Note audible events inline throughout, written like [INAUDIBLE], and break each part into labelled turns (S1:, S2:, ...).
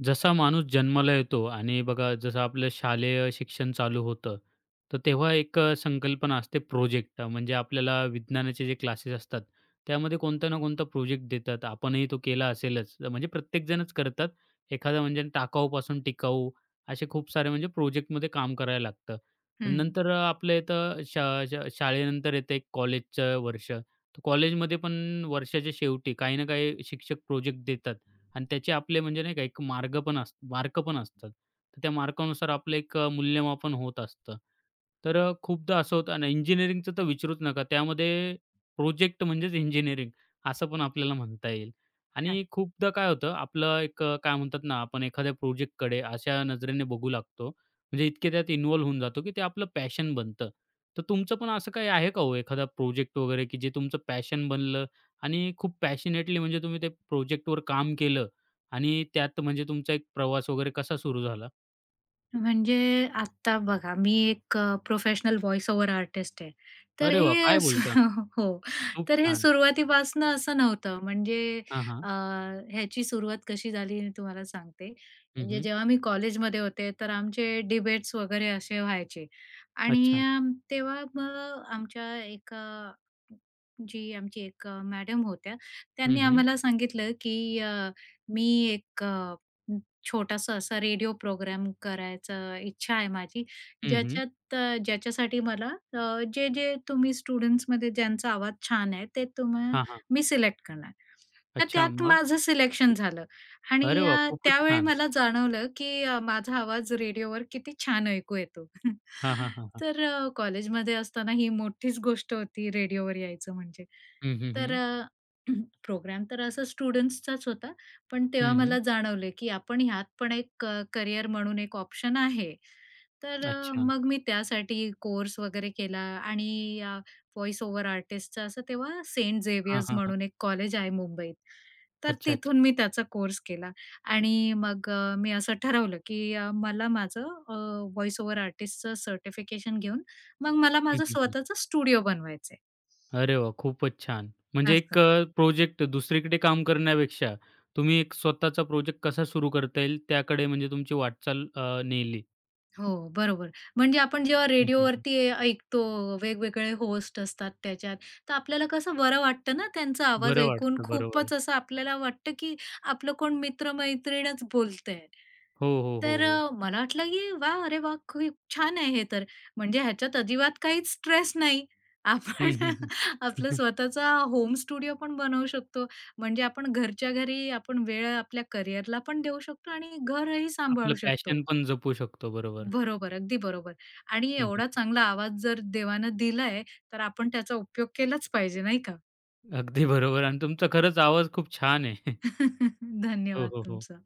S1: जसा माणूस जन्माला येतो आणि बघा जसं आपलं शालेय शिक्षण चालू होतं, तर तेव्हा एक अ, संकल्पना असते, प्रोजेक्ट म्हणजे आपल्याला विज्ञानाचे जे क्लासेस असतात, त्यामध्ये कोणता ना कोणता प्रोजेक्ट देतात, आपणही तो केला असेलच, अ म्हणजे प्रत्येकजणच करतात. एखादं, म्हणजे टाकाऊपासून टिकाऊ असे, खूप सारे म्हणजे प्रोजेक्टमध्ये काम करायला लागतं.
S2: हं.
S1: नंतर अ, आपलं इथं श शा शाळेनंतर येतं, एक कॉलेजचं वर्ष. तर कॉलेजमध्ये पण वर्षाच्या शेवटी, काही ना काही शिक्षक प्रोजेक्ट देतात आणि त्याचे आपले, म्हणजे नाही का, एक मार्ग पण अस मार्क पण असतात. तर त्या मार्कानुसार आपलं एक अ, मूल्यमापन होत असतं, तर अ, खूपदा असं होतं. आणि इंजिनिअरिंगचं तर विचारूच नका, त्यामध्ये प्रोजेक्ट म्हणजेच इंजिनिअरिंग, असं पण आपल्याला म्हणता येईल.
S2: हां.
S1: आणि खूपदा काय होतं, आपलं एक अ, काय म्हणतात ना, आपण एखाद्या प्रोजेक्टकडे अशा नजरेने बघू लागतो, म्हणजे इतके, त्यात इन्वॉल्व होऊन जातो की ते, आपलं पॅशन बनतं, तर तुमचं पण असं काही आहे का ओ, एखादा प्रोजेक्ट वगैरे? की जे तुमचं पॅशन बनलं आणि खूप पॅशनेटली, म्हणजे तुम्ही ते प्रोजेक्टवर काम केलं आणि त्यात म्हणजे तुमचा एक प्रवास वगैरे, कसा सुरू झाला?
S2: म्हणजे आता बघा, मी एक प्रोफेशनल वॉईस ओव्हर आर्टिस्ट आहे. तर
S1: अरे वाह,
S2: हे
S1: काय
S2: अस
S1: बोलता?
S2: [CHUCKLES] हो,
S1: खूप
S2: तर हे
S1: छान.
S2: सुरुवातीपासून असं नव्हतं. म्हणजे
S1: हां, हां.
S2: अ, याची सुरुवात कशी झाली हे तुम्हाला सांगते.
S1: हं,
S2: म्हणजे
S1: हं.
S2: जेव्हा मी कॉलेजमध्ये होते, तर आमचे डिबेट्स वगैरे असे व्हायचे आणि
S1: अच्छा.
S2: तेव्हा मग आमच्या एका जी आमची एक मॅडम होत्या,
S1: हं,
S2: त्यांनी
S1: हं.
S2: आम्हाला सांगितलं, की "अ, मी एक अ, छोटासा असा रेडिओ प्रोग्राम करायचं इच्छा आहे माझी,
S1: हं, हं.
S2: ज्याच्यात ज्याच्यासाठी मला अ, जे-जे तुम्ही स्टुडंट्समध्ये ज्यांचा आवाज छान आहे, ते तुम्ह
S1: हां, हां.
S2: मी सिलेक्ट करणार." तर
S1: अच्छा,
S2: त्यात
S1: मग?
S2: माझं सिलेक्शन झालं
S1: अरे
S2: आणि
S1: वाह,
S2: अ,
S1: खूपच
S2: त्यावेळी
S1: छान.
S2: मला जाणवलं, की अ, माझा आवाज रेडिओवर किती छान ऐकू येतो. [CHUCKLES]
S1: हां, हां, हां, हां.
S2: तर कॉलेजमध्ये असताना, ही मोठीच गोष्ट होती, रेडिओवर यायचं म्हणजे.
S1: हं, हं,
S2: तर
S1: हं.
S2: अ, [CLEARS THROAT] प्रोग्राम तर असा स्टुडंट्सचाच होता. पण तेव्हा
S1: हं, हं.
S2: मला जाणवलं, की आपण यात पण एक क करियर म्हणून एक ऑप्शन आहे. तर अ,
S1: अच्छा.
S2: मग मी त्यासाठी कोर्स वगैरे केला आणि या व्हॉईस ओव्हर आर्टिस्टचा असं, तेव्हा सेंट
S1: हां,
S2: झेवियर्स
S1: हां, हां.
S2: म्हणून एक कॉलेज आहे मुंबईत. तर तिथून
S1: अच्छा-अच्छा.
S2: मी त्याचा कोर्स केला आणि मग अ, मी असं ठरवलं, की अ, मला माझं अ, वॉईस ओव्हर आर्टिस्टचं सर्टिफिकेशन घेऊन, मग मला
S1: हं,
S2: माझं
S1: हं, हं.
S2: स्वतःचं स्टुडिओ बनवायचं आहे.
S1: अरे वाह, खूपच छान. म्हणजे एक
S2: असं.
S1: अ, प्रोजेक्ट दुसरीकडे काम करण्यापेक्षा, तुम्ही एक स्वतःचा प्रोजेक्ट कसा सुरू करता येईल, त्याकडे म्हणजे तुमची वाटचाल अ, नेली.
S2: हो, बरोबर. म्हणजे आपण जेव्हा
S1: हं, हं, हं.
S2: रेडिओवरती अ, ऐकतो वेगवेगळे होस्ट असतात त्याच्यात. तर आपल्याला कसं बरं वाटतं ना त्यांचा आवाज
S1: बरं
S2: ऐकून?
S1: वाटतं, बरोबर.
S2: खूपच असं आपल्याला वाटतं, की आपलं कोण मित्रमैत्रीणच बोलतंय.
S1: हो, हो, हो,
S2: तर
S1: हो.
S2: अ, मला वाटलं, ए वाह! अरे वाह! खूप छान आहे हे तर, म्हणजे ह्याच्यात अजिबात काहीच स्ट्रेस नाही.
S1: हं,
S2: आपण
S1: हं, हं.
S2: [CHUCKLES] आपलं
S1: [CHUCKLES]
S2: स्वतःचा होम स्टुडिओ पण बनवू शकतो. म्हणजे आपण घरच्या घरी आपण वेळ आपल्या कॅरियरला पण देऊ शकतो आणि घरही सांभाळू
S1: आपलं पॅशन
S2: शकतो.
S1: पण जपू शकतो, बरोबर.
S2: बरोबर, अगदी बरोबर. आणि
S1: हं, हं,
S2: एवढा
S1: हं.
S2: चांगला आवाज जर देवानं दिलाय, तर आपण त्याचा उपयोग केलाच पाहिजे नाही का?
S1: अगदी बरोबर आणि तुमचा खरंच आवाज खूप छान आहे! [CHUCKLES]
S2: [CHUCKLES]
S1: हो,
S2: धन्यवाद
S1: हो, हो.
S2: तुमचं.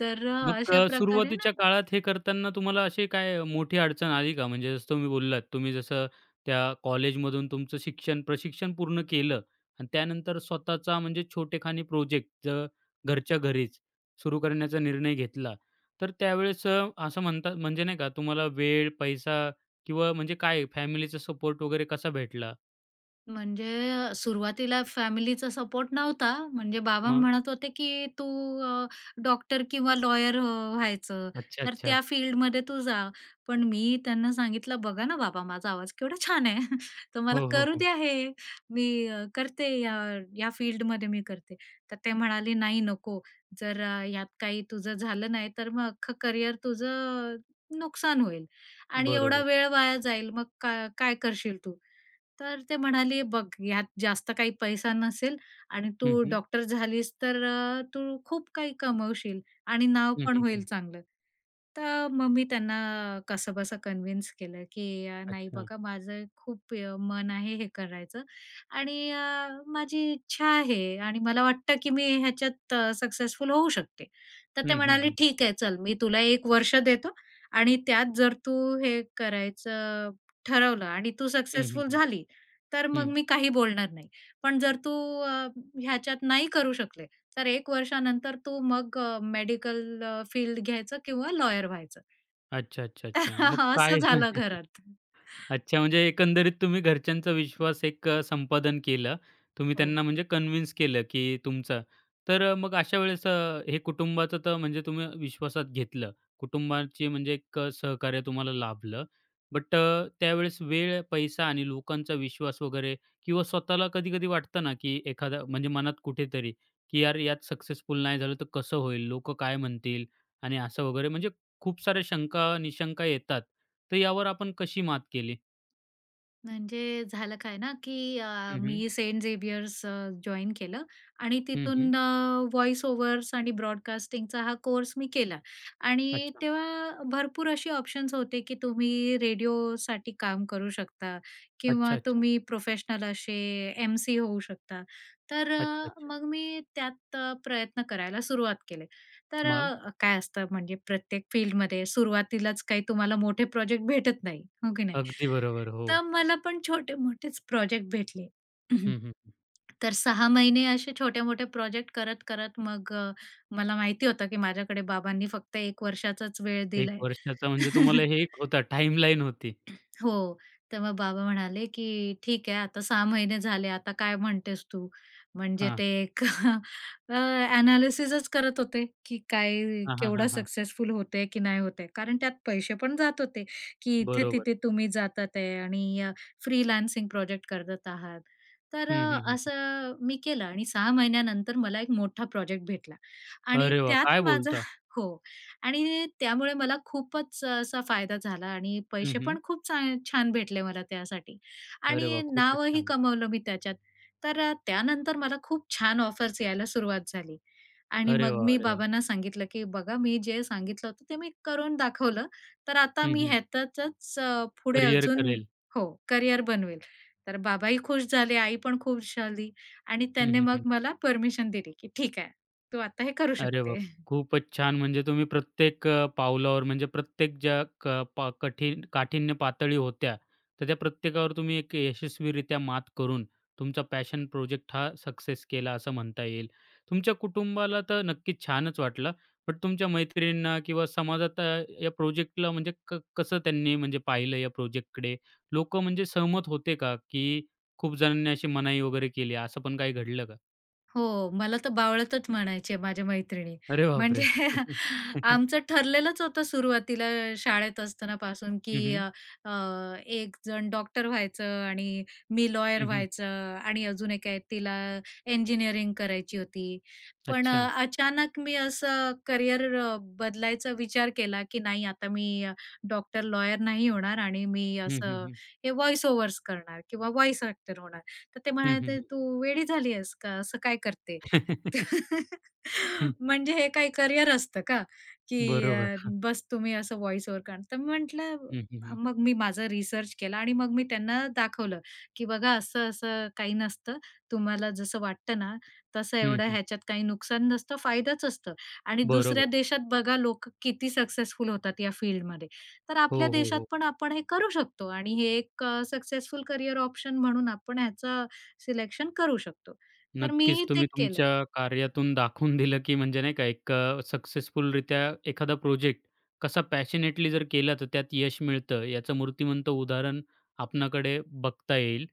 S2: तर
S1: मग क
S2: अशाप्रकारे ना
S1: सुरुवातीच्या काळात हे करतांना तुम्हाला अशी काय मोठी अडचण आली का? म्हणजे जसं तुम्ही बोललात तुम्ही जसं, त्या कॉलेजमधून तुमचं शिक्षण, प्रशिक्षण पूर्ण केलं आणि त्यानंतर स्वतःचा म्हणजे छोटेखानी प्रोजेक्ट जर घरच्या घरीच सुरू करण्याचा निर्णय घेतला. तर त्यावेळेस अ, असं म्हणता म्हणजे नाही का तुम्हाला वेळ, पैसा किंवा म्हणजे काय फॅमिलीचा सपोर्ट वगैरे कसा भेटला?
S2: म्हणजे अ, सुरुवातीला फॅमिलीचा सपोर्ट नव्हता म्हणजे बाबा
S1: मग?
S2: म्हणत होते, की "तू अ, डॉक्टर किंवा लॉयर अ, व्हायचं,
S1: अच्छा!
S2: तर त्या
S1: अच्छा!
S2: फील्डमध्ये तू जा." पण मी त्यांना सांगितलं, "बघा ना बाबा, माझा आवाज केवढा छान आहे! तर मला
S1: हो, हो,
S2: करू
S1: हो.
S2: द्या हे, मी अ, करते या या फील्डमध्ये मी करते." तर ते म्हणाले, "नाही, नको. जर यात काही तुझं झालं नाही, तर मग अख्खं करिअर तुझं अ, नुकसान होईल आणि एवढा
S1: बरोबर.
S2: वेळ वाया जाईल; मग काय काय करशील तू?" तर ते म्हणाले, "बघ, यात जास्त काही पैसा नसेल आणि
S1: हं,
S2: तू
S1: हं
S2: डॉक्टर झालीस तर अ, तू खूप काही कमवशील आणि नाव
S1: हं,
S2: पण
S1: हं,
S2: होईल
S1: हं.
S2: चांगलं." तर मग मी त्यांना कसंबसं कन्व्हिन्स केलं की, "अ, नाही,
S1: अच्छा!
S2: बघा माझं खूप अ, मन आहे हे करायचं आणि अ, माझी इच्छा आहे आणि मला वाटतं, की मी ह्याच्यात अ, सक्सेसफुल होऊ शकते." तर
S1: हं,
S2: ते
S1: हं,
S2: म्हणाले,
S1: हं.
S2: "ठीक आहे, चल. मी तुला 1 वर्ष देतो आणि त्यात जर तू हे करायचं अ, ठरवलं आणि तू
S1: हं, हं,
S2: सक्सेसफुल
S1: हं,
S2: झाली, तर मग
S1: हं.
S2: मी काही बोलणार नाही. पण जर तू अ, ह्याच्यात नाही करू शकले, तर 1 वर्षानंतर तू मग अ, मेडिकल अ, फील्ड घ्यायचं किंवा लॉयर व्हायचं."
S1: अच्छा, अच्छा, अच्छा! मग
S2: [CHUCKLES]
S1: काय?
S2: असं झालं
S1: [CHUCKLES]
S2: घरात.
S1: अच्छा! म्हणजे एकंदरीत तुम्ही घरच्यांचा विश्वास एक संपादन केलं. तुम्ही
S2: हो.
S1: त्यांना, म्हणजे कन्व्हिन्स केलं की तुमचं तर मग अशा वेळेस अ, हे कुटुंबाचं तर म्हणजे तुम्ही विश्वासात घेतलं कुटुंबाची म्हणजे एक सहकार्य तुम्हाला लाभलं. बट अ, त्यावेळेस वेळ, पैसा आणि लोकांचा विश्वास वगैरे, किंवा स्वतःला कधी कधी वाटतं ना की एखादा, म्हणजे मनात कुठेतरी की, "यार! यात सक्सेसफुल नाही झालं तर कसं होईल? लोकं काय म्हणतील?" आणि असं वगैरे म्हणजे खूप साऱ्या शंका-निशंका येतात; तर यावर आपण कशी मात केली?
S2: म्हणजे झालं काय ना, की अ,
S1: हं, हं.
S2: मी सेंट झेवियर्स अ, जॉइन केलं आणि
S1: हं, हं.
S2: तिथून अ, वॉईस ओव्हर्स आणि ब्रॉडकास्टिंगचा हा कोर्स मी केला आणि
S1: अच्छा.
S2: तेव्हा भरपूर असे ऑप्शन्स होते, की तुम्ही रेडिओसाठी काम करू शकता किंवा
S1: अच्छा, अच्छा.
S2: तुम्ही प्रोफेशनल असे एम-सी-ओ होऊ शकता. तर
S1: अच्छा, अच्छा.
S2: मग मी त्यात प्रयत्न करायला सुरुवात केले. तर
S1: मग?
S2: काय असतं म्हणजे प्रत्येक फील्डमध्ये सुरुवातीलाच काही तुम्हाला मोठे प्रोजेक्ट भेटत नाही. हो की नाही,
S1: अगदी बरोबर,
S2: तर
S1: हो.
S2: मला पण छोटे-मोठेच प्रोजेक्ट भेटले.
S1: हं,
S2: [CLEARS THROAT]
S1: हं, हं.
S2: तर 6 महिने असे छोटे-मोठे प्रोजेक्ट करत, करत मग मला माहिती होतं, की माझ्याकडे बाबांनी फक्त 1 वर्षाचाच वेळ
S1: 1
S2: दिलाय.
S1: वर्षाचा म्हणजे तुम्हाला
S2: [CHUCKLES]
S1: हे एक होता टाइमलाईन होती.
S2: [CLEARS THROAT] हो, तर मग बाबा म्हणाले, की "ठीक आहे, आता 6 महिने झाले आता काय म्हणतेस तू? म्हणजे
S1: हां.
S2: ते एक [CHUCKLES] अ, एनालिसिसच करत होते, की काय
S1: हां,
S2: केवढं
S1: हां, हां.
S2: सक्सेसफुल होत आहे की नाही होत आहे. कारण त्यात पैसे पण जात होते, की
S1: बरोबर.
S2: इथे-तिथे तुम्ही जातात आहे आणि अ, फ्रीलान्सिंग प्रोजेक्ट करत आहात तर
S1: हं,
S2: अ,
S1: हं, हं.
S2: असं मी केलं आणि 6 महिन्यानंतर मला एक मोठा प्रोजेक्ट भेटला आणि
S1: अरे वा! काय
S2: त्यात माझं
S1: बोलता?
S2: हो आणि त्यामुळे मला खूपच असा फायदा झाला आणि
S1: हां,
S2: पैसे
S1: हं.
S2: पण खूप चा छान भेटले मला त्यासाठी
S1: अरे
S2: आणि
S1: वाह! खूपच
S2: नावही
S1: छान.
S2: कमावलं मी त्याच्यात. तर अ, त्यानंतर मला खूप छान ऑफर्स यायला सुरुवात झाली आणि
S1: अरे
S2: मग
S1: वाह!
S2: मी
S1: अरे वाह!
S2: बाबांना सांगितलं, की "बघा मी जे सांगितलं होतं ते मी करून दाखवलं तर आता
S1: हं,
S2: मी
S1: हं.
S2: ह्यातचच पुढे
S1: करिअर
S2: अजून
S1: करेल.
S2: हो, करियर बनवेल." तर बाबाही खुश झाले आई पण खूप झाली आणि
S1: हं,
S2: त्याने
S1: हं,
S2: मग
S1: हं.
S2: मला परमिशन दिली, की "ठीक आहे तू आता हे करू
S1: अरे
S2: शकते."
S1: बाप रे!
S2: [CHUCKLES]
S1: खूपच छान म्हणजे तुम्ही प्रत्येक अ, पावलावर म्हणजे प्रत्येक ज्या क पा कठीण काठिन्य पातळी होत्या. तर त्या प्रत्येकावर तुम्ही एक यशस्वीरित्या मात करून, तुमचा पॅशन प्रोजेक्ट हा सक्सेस केला असं म्हणता येईल. तुमच्या कुटुंबाला तर नक्कीच छानच वाटलं, बट तुमच्या मैत्रिणींना किंवा समाजात या प्रोजेक्टला म्हणजे क कसं त्यांनी म्हणजे पाहिलं या प्रोजेक्टकडे? लोकं म्हणजे सहमत होते का, की खूप जणांनी अशी मनाई वगैरे केली, असं पण काही घडलं का?
S2: हो, मला तर बावळटच म्हणायचे माझ्या मैत्रिणी.
S1: अरे
S2: म्हणजे
S1: बापरे! [CHUCKLES]
S2: आमचं ठरलेलंच होतं सुरुवातीला शाळेत असतानापासून,
S1: हं,
S2: की
S1: हं.
S2: अ, अ, एकजण डॉक्टर व्हायचं आणि मी लॉयर
S1: हं, हं.
S2: व्हायचं. आणि अजून एक आहे, तिला इंजिनिअरिंग करायची होती. पण
S1: अच्छा.
S2: अ, अचानक मी असं करियर अ, बदलायचा विचार केला, की नाही, आता मी डॉक्टर-लॉयर नाही होणार आणि मी
S1: हं, हं,
S2: असं
S1: हं.
S2: हे वॉईस-ओव्हर्स करणार किंवा वॉईस ॲक्टर होणार. तर ते
S1: हं, हं, हं,
S2: म्हणायचे,
S1: हं.
S2: "तू वेडी झाली आहेस का? असं काय करते?"
S1: [CHUCKLES]
S2: तर
S1: हं
S2: "म्हणजे हे काय करियर असतं का? की
S1: बरोबर.
S2: अ,
S1: हां.
S2: बस तुम्ही असं व्हॉईस-ओव्हर करणार" तर मी म्हटलं
S1: हं, हं,
S2: अ
S1: हं.
S2: मग मी माझा रिसर्च केला आणि मग मी त्यांना दाखवलं, की बघा असं-असं काही नसतं. तुम्हाला जसं वाटतं ना, तसं
S1: हं,
S2: एवढं
S1: हं.
S2: ह्याच्यात काही नुकसान नसतं, फायदाच असतं. आणि दुसऱ्या
S1: बरोबर.
S2: देशात बघा, लोक किती सक्सेसफुल होतात या फील्डमध्ये. तर
S1: हो,
S2: आपल्या
S1: हो,
S2: देशात
S1: हो.
S2: पण आपण हे करू शकतो आणि हे एक अ, सक्सेसफुल करियर ऑप्शन म्हणून आपण ह्याचं सिलेक्शन करू शकतो. तर
S1: नक्कीच,
S2: मीही ते
S1: तुम्ही
S2: केलं.
S1: तुमच्या कार्यातून दाखवून दिलं, की म्हणजे नाही का एक अ, सक्सेसफुलरीत्या एखादा प्रोजेक्ट कसा पॅशनेटली जर केला, तर त्यात यश मिळतं. याचं मूर्तिमंत उदाहरण आपणाकडे बघता येईल.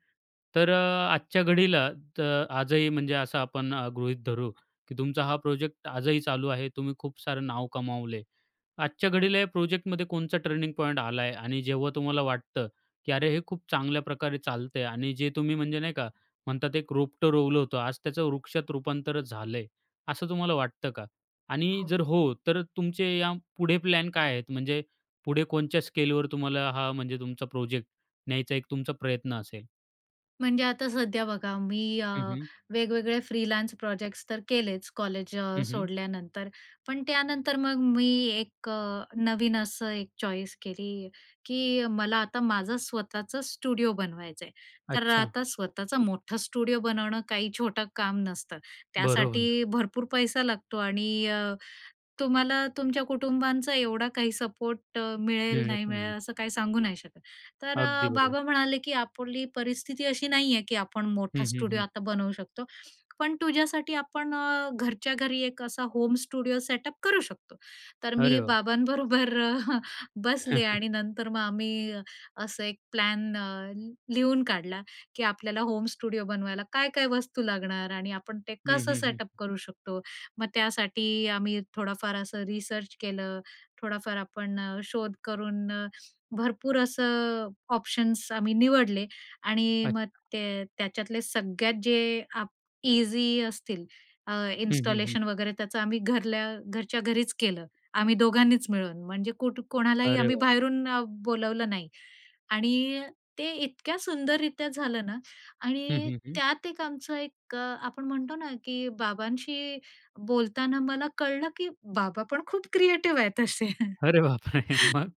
S1: तर अ, आजच्या घडीला, त आजही म्हणजे असं आपण आ गृहीत धरू, की तुमचा हा प्रोजेक्ट आजही चालू आहे. तुम्ही खूप सारं नाव कमावलंय. आजच्या घडीला या प्रोजेक्टमध्ये कोणचा ट्रेनिंग पॉइंट आलाय? आणि जेव्हा तुम्हाला वाटतं, की अरे हे खूप चांगल्या प्रकारे चालतंय आणि जे तुम्ही म्हणजे नाही का म्हणतात एक रोपटं रोवलं होतं, आज त्याचं वृक्षात रूपांतरच झालंय, असं तुम्हाला वाटतं का? आणि जर
S2: हो.
S1: हो, तर तुमचे या पुढे प्लॅन काय आहेत? म्हणजे पुढे कोणच्या स्केलवर तुम्हाला हा म्हणजे तुमचा प्रोजेक्ट न्यायचा एक तुमचा प्रयत्न असेल?
S2: म्हणजे आता सध्या बघा, मी अ,
S1: हं, हं.
S2: वेगवेगळे फ्रीलान्स प्रोजेक्ट्स तर केलेच, कॉलेज अ,
S1: हं, हं.
S2: सोडल्यानंतर. पण त्यानंतर मग मी, एक अ, नवीन असं, एक चॉईस केली, की मला आता माझं स्वतःचं स्टुडिओ बनवायचं आहे, तर अ,
S1: अच्छा.
S2: आता स्वतःचं मोठं स्टुडिओ बनवणं काही छोटं काम नसतं.
S1: बरोबर.
S2: त्यासाठी भरपूर पैसा लागतो आणि अ, तुम्हाला तुमच्या कुटुंबांचा एवढा काही सपोर्ट मिळेल,
S1: मिळत
S2: नाही
S1: नाही.
S2: मिळेल, असं काही सांगू नाही शकत. तर अ,
S1: अगदी, बरोबर.
S2: बाबा म्हणाले, की "आपली परिस्थिती अशी नाही आहे की आपण
S1: हं,
S2: मोठा
S1: हं,
S2: स्टुडिओ
S1: हं.
S2: आता बनवू शकतो. पण तुझ्यासाठी, आपण अ, घरच्या घरी एक असा होम स्टुडिओ सेटअप करू शकतो." तर मी
S1: अरे, वा!
S2: बाबा बरोबर [CHUCKLES] बसले
S1: [CHUCKLES]
S2: आणि नंतर मग आम्ही अस एक प्लॅन अ, लिहून काढला, की आपल्याला होम स्टुडिओ बनवायला काय-काय वस्तू लागणार आणि आपण ते
S1: हं,
S2: कसं
S1: हं, हं.
S2: सेटअप करू शकतो? मग त्यासाठी आम्ही थोडाफार असं रिसर्च केलं, थोडाफार आपण अ, शोध करून अ, भरपूर असं, ऑप्शन्स आम्ही निवडले आणि मग
S1: अच्छा.
S2: ते, त्याच्यातले सगळ्यात जे, अ‍ॅप इझी असतील, अ,
S1: हं, हं, हं.
S2: इन्स्टॉलेशन वगैरे, त्याचं आम्ही घरल्या घरच्या घरीच केलं. आम्ही दोघांनीच मिळून म्हणजे कुठं कोणालाही
S1: अरे,
S2: आम्ही
S1: वाह!
S2: बाहेरून बोलावलं नाही आणि ते इतक्या, सुंदर रित्या झालं ना
S1: हं,
S2: आणि
S1: हं, हं.
S2: त्यात एक, आमचं, एक आपण म्हणतो ना की बाबांशी बोलताना, मला कळलं की बाबा पण खूप क्रिएटिव आहेत तशे. [CHUCKLES]
S1: अरे, बापरे! मग?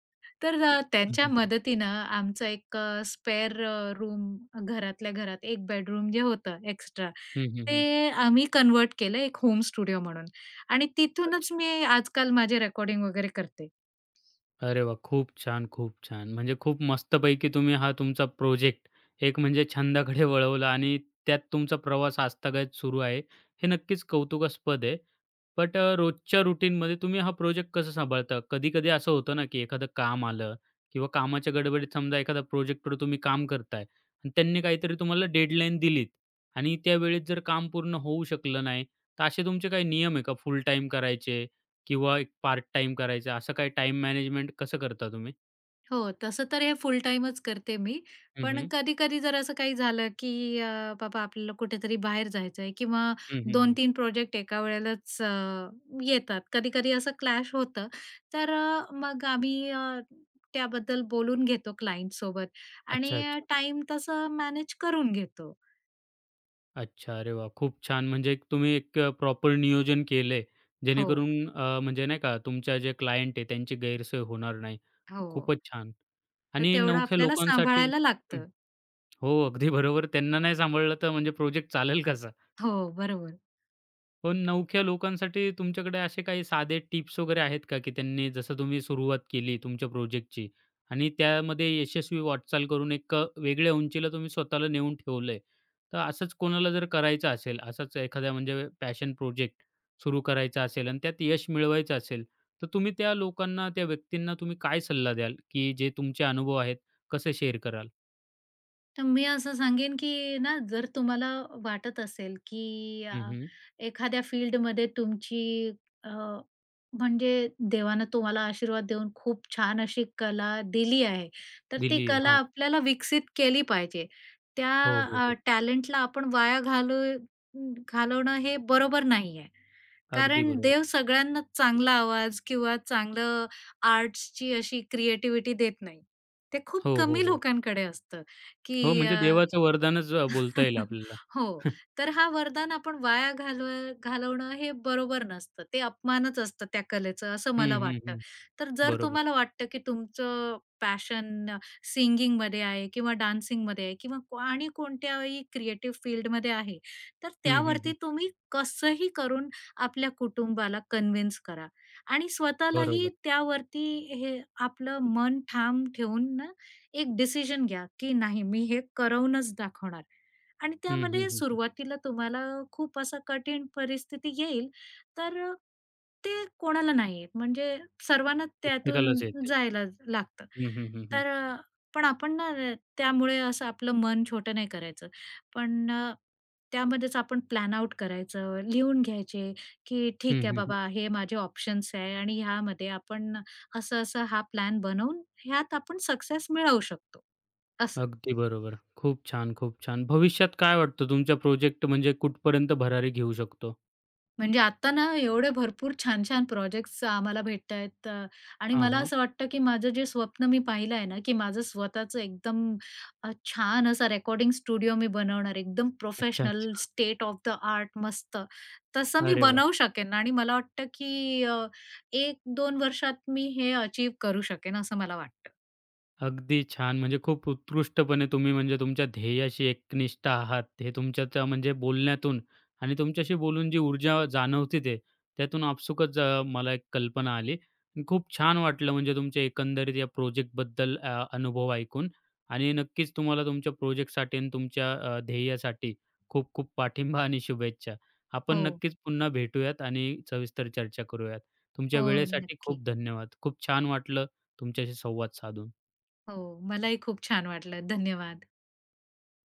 S2: तर अ,
S1: हं,
S2: त्यांच्या
S1: हं.
S2: मदतीनं आमचं एक अ, स्पेअर रूम, घरातल्या घरात 1 बेडरूम जे होतं, एक्स्ट्रा
S1: हं, हं, हं.
S2: ते आम्ही कन्व्हर्ट केलं एक होम स्टुडिओ म्हणून. आणि तिथूनच
S1: अच्छा.
S2: मी, आज-काल माझे रेकॉर्डिंग वगैरे करते.
S1: अरे, वाह! खूप छान, खूप छान. म्हणजे खूप मस्तपैकी तुम्ही हा, तुमचा प्रोजेक्ट, एक म्हणजे छंदाकडे वळवला आणि त्यात तुमचा प्रवास आजतागायत सुरू आहे, हे नक्कीच कौतुकास्पद आहे. बट अ, रोजच्या रूटीनमध्ये तुम्ही हा प्रोजेक्ट कसं सांभाळता? कधी-कधी असं होतं ना, की एखादं काम आलं किंवा कामाच्या गडबडीत समजा, एखादा प्रोजेक्टवर, तुम्ही काम करताय आणि त्यांनी, काहीतरी तुम्हाला डेडलाईन दिलीत आणि त्यावेळेस जर, काम पूर्ण होऊ शकलं नाही तर असे तुमचे काही नियम आहे का, फुल टाईम करायचे किंवा एक पार्ट टाईम करायचं, असं काही टाईम मॅनेजमेंट कसं करता तुम्ही?
S2: हो, तसं तर हे फुल टाईमच करते मी.
S1: हं,
S2: पण
S1: हं.
S2: कधी-कधी जर असं काही झालं, की अ, बाबा आपल्याला कुठेतरी बाहेर जायचं आहे किंवा
S1: हं, हं,
S2: दोन
S1: हं.
S2: तीन प्रोजेक्ट एका वेळेलाच अ, येतात. कधी-कधी असं क्लॅश होतं. तर अ, मग आम्ही अ, त्याबद्दल बोलून घेतो क्लाइंटसोबत
S1: अच्छा,
S2: आणि
S1: अच्छा.
S2: टाईम तसं मॅनेज करून घेतो.
S1: अच्छा, अरे वाह! खूप छान! म्हणजे एक तुम्ही एक अ, प्रॉपर नियोजन केलंय,
S2: हो.
S1: जेणेकरून अ, म्हणजे नाही का तुमच्या जे क्लायंट आहेत त्यांची गैरसोय होणार नाही.
S2: हो.
S1: खूपच छान!
S2: तर
S1: आणि
S2: तेवढं
S1: नवख्या
S2: आपल्याला
S1: लोकांसाठी
S2: सांभाळायला
S1: हं.
S2: लागतं.
S1: हो. अगदी बरोबर, त्यांना नाही सांभाळलं तर म्हणजे प्रोजेक्ट चालेल कसा?
S2: हो, बरोबर.
S1: पण नवख्या लोकांसाठी तुमच्याकडे असे काही साधे टिप्स वगैरे आहेत का, की त्यांनी जसं तुम्ही सुरुवात केली तुमच्या प्रोजेक्टची आणि त्यामध्ये यशस्वी वाटचाल करून एक अ, वेगळ्या उंचीला तुम्ही स्वतःला नेऊन ठेवलंय. तर असंच कोणाला जर करायचं असेल, असाच एखाद्या म्हणजे पॅशन प्रोजेक्ट सुरू करायचा असेल आणि त्यात यश मिळवायचं असेल, तर तुम्ही त्या लोकांना, त्या व्यक्तींना तुम्ही काय सल्ला द्याल? की जे तुमचे अनुभव आहेत, कसे शेअर कराल?
S2: तर मी असं सांगेन की ना, जर तुम्हाला वाटत असेल, की अ,
S1: हं, हं.
S2: एखाद्या फील्डमध्ये तुमची अ, म्हणजे देवानं तुम्हाला आशीर्वाद देऊन खूप छान अशी कला दिली आहे. तर ती
S1: दिली आहे.
S2: कला
S1: हां.
S2: आपल्याला विकसित केली पाहिजे. त्या
S1: हो, हो,
S2: अ,
S1: हो.
S2: टॅलेंटला आपण वाया घालू अं, घालवणं हे बरोबर नाही आहे.
S1: अगदी
S2: कारण
S1: बरोबर.
S2: देव सगळ्यांनाच चांगला आवाज किंवा चांगलं आर्ट्सची अशी क्रिएटिविटी देत नाही. ते खूप
S1: हो, हो,
S2: कमी
S1: हो.
S2: लोकांकडे असतं,
S1: हो,
S2: की अ
S1: म्हणजे देवाचं वरदानच अ, बोलता येईल
S2: [CHUCKLES]
S1: आपल्याला.
S2: हो.
S1: [CHUCKLES]
S2: तर हा वरदान आपण वाया घालव घालवणं हे बरोबर नसतं. ते अपमानच असतं त्या कलेचं असं
S1: हं,
S2: मला
S1: हं,
S2: वाटतं.
S1: हं.
S2: तर जर
S1: बरोबर.
S2: तुम्हाला वाटतं, की तुमचं, पॅशन सिंगिंगमध्ये आहे किंवा डान्सिंगमध्ये आहे किंवा क्व आणि कोणत्याही क्रिएटिव्ह फील्डमध्ये आहे, तर
S1: हं, हं,
S2: त्यावरती
S1: हं.
S2: तुम्ही कसंही करून आपल्या कुटुंबाला कन्विन्स करा आणि स्वतःलाही
S1: बरोबर.
S2: त्यावरती हे आपलं मन ठाम ठेवून ना, एक डिसिजन घ्या, की नाही मी हे करवूनच दाखवणार. आणि
S1: हं, हं,
S2: त्यामध्ये
S1: हं, हं.
S2: सुरुवातीला तुम्हाला खूप असा कठीण परिस्थिती येईल. तर अ, ते कोणाला नाही येत म्हणजे सर्वांना त्यातून
S1: प्रत्येकालाच येते.
S2: जायलाच लागतं.
S1: हं, हं, हं, हं.
S2: तर पण आपण ना अ, त्यामुळे असं आपलं मन छोटं नाही करायचं. पण अ, त्यामध्येच आपण प्लॅन आउट करायचं, लिहून घ्यायचे की
S1: हं,
S2: ठीक आहे
S1: हं, हं.
S2: बाबा, हे माझे ऑप्शन्स आहे आणि ह्यामध्ये आपण असं-असं हा प्लॅन बनवून ह्यात आपण सक्सेस मिळवू शकतो, असं.
S1: अगदी बरोबर. खूप छान! खूप छान! भविष्यात काय वाटतं तुमचा प्रोजेक्ट म्हणजे कुठपर्यंत भरारी घेऊ शकतो?
S2: म्हणजे आता ना एवढे भरपूर छान, छान प्रोजेक्ट्स आम्हाला भेटत आहेत अ, आणि
S1: हां,
S2: मला
S1: हां.
S2: असं वाटतं की माझं जे स्वप्न मी पाहिलं आहे ना, की माझं स्वतःचं एकदम अ, छान असा रेकॉर्डिंग स्टुडिओ मी बनवणार आहे एकदम
S1: अच्छा,
S2: प्रोफेशनल,
S1: अच्छा.
S2: स्टेट ऑफ द आर्ट मस्त, तसं मी
S1: अरे वाह!
S2: बनवू शकेन आणि मला वाटतं, की अ, 1-2 वर्षात मी हे अचीव्ह करू शकेन, असं मला वाटतं.
S1: अगदी छान! म्हणजे खूप उत्कृष्टपणे तुम्ही म्हणजे तुमच्या ध्येयाशी एकनिष्ठ आहात, हे तुमच्या त्या म्हणजे बोलण्यातून आणि तुमच्याशी बोलून जी ऊर्जा जाणवते ते त्यातून आपसूकच अ, मला एक कल्पना आली. खूप छान वाटलं म्हणजे तुमच्या एकंदरीत या प्रोजेक्टबद्दल अ, अनुभव ऐकून आणि नक्कीच तुम्हाला तुमच्या प्रोजेक्टसाठी अन् तुमच्या अ, ध्येयासाठी खूप खूप पाठिंबा आणि शुभेच्छा. आपण
S2: हो.
S1: नक्कीच पुन्हा भेटूयात आणि सविस्तर चर्चा करूयात. तुमच्या
S2: हो,
S1: वेळेसाठी
S2: नक्की.
S1: खूप धन्यवाद. खूप छान वाटलं तुमच्याशी संवाद साधून.
S2: हो, मलाही खूप छान वाटलं. धन्यवाद.